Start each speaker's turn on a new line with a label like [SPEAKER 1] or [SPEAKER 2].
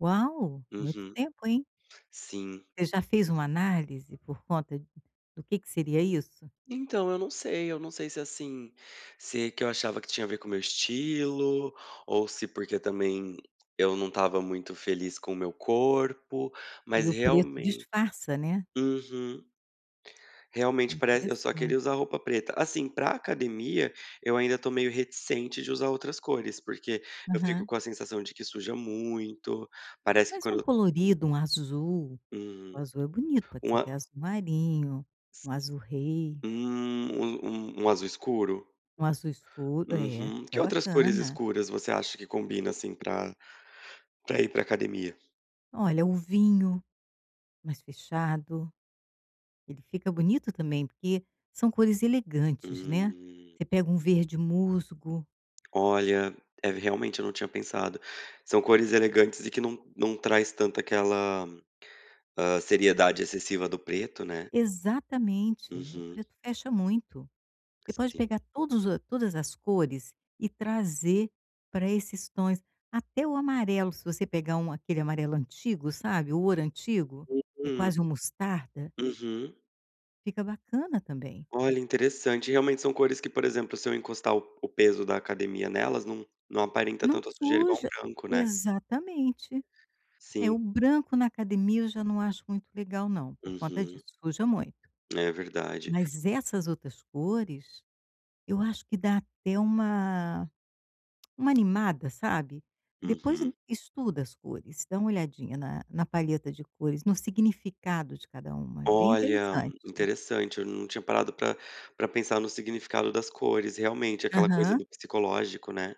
[SPEAKER 1] Uau! Muito
[SPEAKER 2] Uhum.
[SPEAKER 1] tempo, hein?
[SPEAKER 2] Sim.
[SPEAKER 1] Você já fez uma análise por conta de do que que seria isso?
[SPEAKER 2] Então, eu não sei. Eu não sei se assim, se que eu achava que tinha a ver com meu estilo ou se porque também eu não estava muito feliz com o meu corpo.
[SPEAKER 1] E
[SPEAKER 2] Mas
[SPEAKER 1] o preto
[SPEAKER 2] realmen
[SPEAKER 1] disfarça, né.
[SPEAKER 2] uhum. Realmente parece eu só queria
[SPEAKER 1] Interessante.
[SPEAKER 2] usar roupa preta. Assim, para academia, eu ainda tô meio reticente de usar outras cores. Porque eu fico
[SPEAKER 1] Aham.
[SPEAKER 2] com a sensação de que suja muito. Parece que
[SPEAKER 1] Mas e um
[SPEAKER 2] quando eu
[SPEAKER 1] colorido, um azul? O
[SPEAKER 2] Uhum.
[SPEAKER 1] azul é bonito. Pode
[SPEAKER 2] Um
[SPEAKER 1] ser até
[SPEAKER 2] a
[SPEAKER 1] azul-marinho, um azul-rei.
[SPEAKER 2] Hum, um um um azul escuro?
[SPEAKER 1] Um azul escuro é,
[SPEAKER 2] Uhum. Que
[SPEAKER 1] fica
[SPEAKER 2] outras cores
[SPEAKER 1] bacana.
[SPEAKER 2] escuras você acha que combina, assim, pra pra ir para academia?
[SPEAKER 1] Olha, o vinho, mais fechado. Ele fica bonito também, porque são cores elegantes, né.
[SPEAKER 2] Hum.
[SPEAKER 1] Você pega um verde-musgo.
[SPEAKER 2] Olha, é v realmente eu não tinha pensado. São cores elegantes e que não não traz tanto aquela, hã, seriedade excessiva do preto, né?
[SPEAKER 1] Exatamente, o
[SPEAKER 2] Uhum.
[SPEAKER 1] preto fecha muito. Você pode
[SPEAKER 2] Sim.
[SPEAKER 1] pegar todos os todas as cores e trazer para esses tons. Até o amarelo, se você pegar um aquele amarelo antigo, sabe, o ouro antigo, é
[SPEAKER 2] Uhum.
[SPEAKER 1] quase um mostarda?
[SPEAKER 2] Uhum.
[SPEAKER 1] Fica bacana também.
[SPEAKER 2] Olha, interessante. Realmente são cores que, por exemplo, se eu encostar o o peso da academia nelas não não aparenta
[SPEAKER 1] Não
[SPEAKER 2] tanto a sujeira igual um
[SPEAKER 1] suja.
[SPEAKER 2] branco, né.
[SPEAKER 1] Exatamente. É,
[SPEAKER 2] Sim.
[SPEAKER 1] o branco na academia eu já não acho muito legal não, por conta
[SPEAKER 2] Uhum.
[SPEAKER 1] disso, suja muito.
[SPEAKER 2] É verdade.
[SPEAKER 1] Mas essas outras cores eu acho que dá até uma uma animada, sabe? Depois
[SPEAKER 2] Uhum.
[SPEAKER 1] estuda as cores, dá uma olhadinha na na paleta de cores, no significado de cada uma, é bem
[SPEAKER 2] Olha,
[SPEAKER 1] interessante.
[SPEAKER 2] interessante, eu n não tinha parado pra pra pensar no significado das cores. Realmente, aquela coisa
[SPEAKER 1] Aham.
[SPEAKER 2] do psicológico, né.